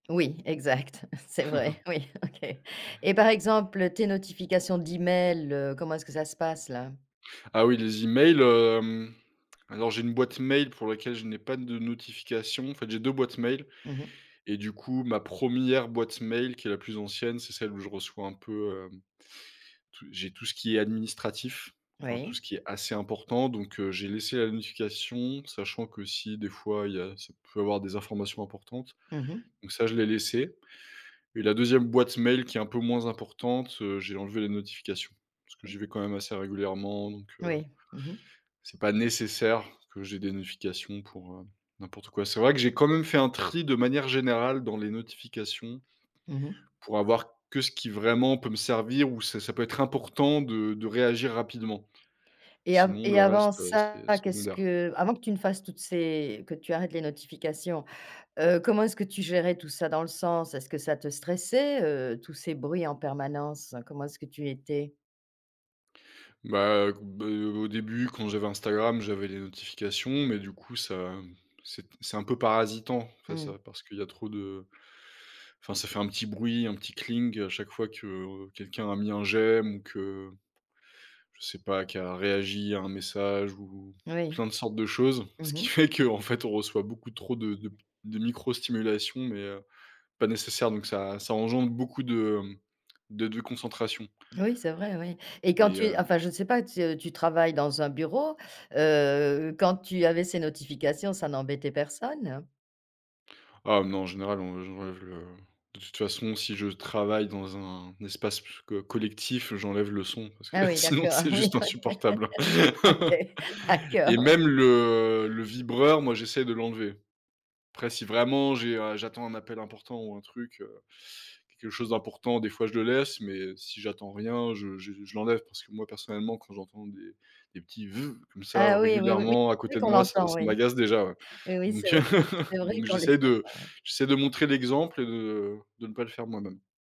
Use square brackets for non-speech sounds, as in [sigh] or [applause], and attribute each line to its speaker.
Speaker 1: Oui, exact. C'est vrai,
Speaker 2: [chuckles]
Speaker 1: oui, OK et par exemple, tes notifications d'email, heu, comment est-ce que ça se passe, là?
Speaker 2: Ah oui, les emails, hem, alors j'ai une boîte mail pour laquelle je n'ai pas de notifications, en fait, j'ai 2 boîtes mail
Speaker 1: Mmh mh.
Speaker 2: et du coup, ma 1re boîte mail, qui est la plus ancienne, c'est celle où je reçois un peu, hem, tout j'ai tout ce qui est administratif, enfin, tout ce
Speaker 1: Oui.
Speaker 2: qui est assez important, donc heu, j'ai laissé la notification, sachant que si, des fois, il y a c'est peut avoir des informations importantes,
Speaker 1: Mmh mh.
Speaker 2: donc ça, je l'ai laissé et la 2e boîte mail, qui est un peu moins importante, heu, j'ai enlevé les notifications parce que j'y vais quand même assez régulièrement, donc heu,
Speaker 1: Oui, mmh mh.
Speaker 2: c'est pas nécessaire que j'ai des notifications pour, heu, n'importe quoi. C'est vrai que j'ai quand même fait un tri, de manière générale, dans les notifications
Speaker 1: Mmh mh.
Speaker 2: pour avoir que ce qui, vraiment, peut me servir, où ça ça peut être important de de réagir rapidement
Speaker 1: Et a
Speaker 2: sinon
Speaker 1: et
Speaker 2: le
Speaker 1: avant
Speaker 2: reste, heu,
Speaker 1: ça,
Speaker 2: c'est
Speaker 1: qu'est-ce
Speaker 2: secondaire.
Speaker 1: que avant que tu ne fasses toutes ces que tu arrêtes les notifications, heu, comment est-ce que tu gérais tout ça? Dans le sens, est-ce que ça te stressait, heu, tous ces bruits en permanence? Comment est-ce que tu étais?
Speaker 2: Bah, heu, b heu, au début, quand j'avais Instagram, j'avais les notifications mais du coup, ça, c'est c'est un peu parasitant, enfin,
Speaker 1: Mmh mh.
Speaker 2: ça parce qu'il y a trop de enfin, ça fait un petit bruit, un petit cling à chaque fois que quelqu'un a mis un j'aime ou que je sais pas, qui a réagi à un message ou
Speaker 1: Oui.
Speaker 2: plein de sortes de choses
Speaker 1: Mmh
Speaker 2: ce qui
Speaker 1: mh.
Speaker 2: fait que, en fait, on reçoit beaucoup trop de de de micro stimulation mais heu, pas nécessaire, donc ça, ça engendre beaucoup de de déconcentration
Speaker 1: Oui, c'est vrai, oui et quand
Speaker 2: et
Speaker 1: tu es
Speaker 2: heu
Speaker 1: enfin, je ne sais pas, tu es tu travailles dans un bureau, heu, quand tu avais ces notifications, ça n'embêtait personne?
Speaker 2: Ah non, en général, on j'enlève le de toute façon si je travaille dans un espace pu co collectif, j'enlève le son parce que,
Speaker 1: Ah oui,
Speaker 2: sinon,
Speaker 1: d'accord,
Speaker 2: c'est
Speaker 1: oui
Speaker 2: juste insupportable
Speaker 1: OK. OK.
Speaker 2: [laughs] et
Speaker 1: D'accord, oui.
Speaker 2: même le, heu, le vibreur, moi, j'essaye de l'enlever, après si, vraiment, j'ai, heu, j'attends un appel important ou un truc, heu, quelque chose d'important, des fois, je le laisse mais si j'attends rien, je je je l'enlève parce que moi, personnellement, quand j'entends des des petits «veuv» comme ça,
Speaker 1: Ah oui, oui, oui, oui.
Speaker 2: régulièrement, à
Speaker 1: C'est vrai
Speaker 2: côté de
Speaker 1: qu'on
Speaker 2: moi, ça
Speaker 1: l'entend,
Speaker 2: ça
Speaker 1: oui.
Speaker 2: m'agace déjà, ouais,
Speaker 1: Oui, oui, c'est
Speaker 2: donc heu,
Speaker 1: vrai.
Speaker 2: [chuckles]
Speaker 1: C'est vrai
Speaker 2: donc
Speaker 1: qu'on les
Speaker 2: j'essaie de
Speaker 1: entend.
Speaker 2: j'essaie de montrer l'exemple et de et de ne pas le faire moi-même.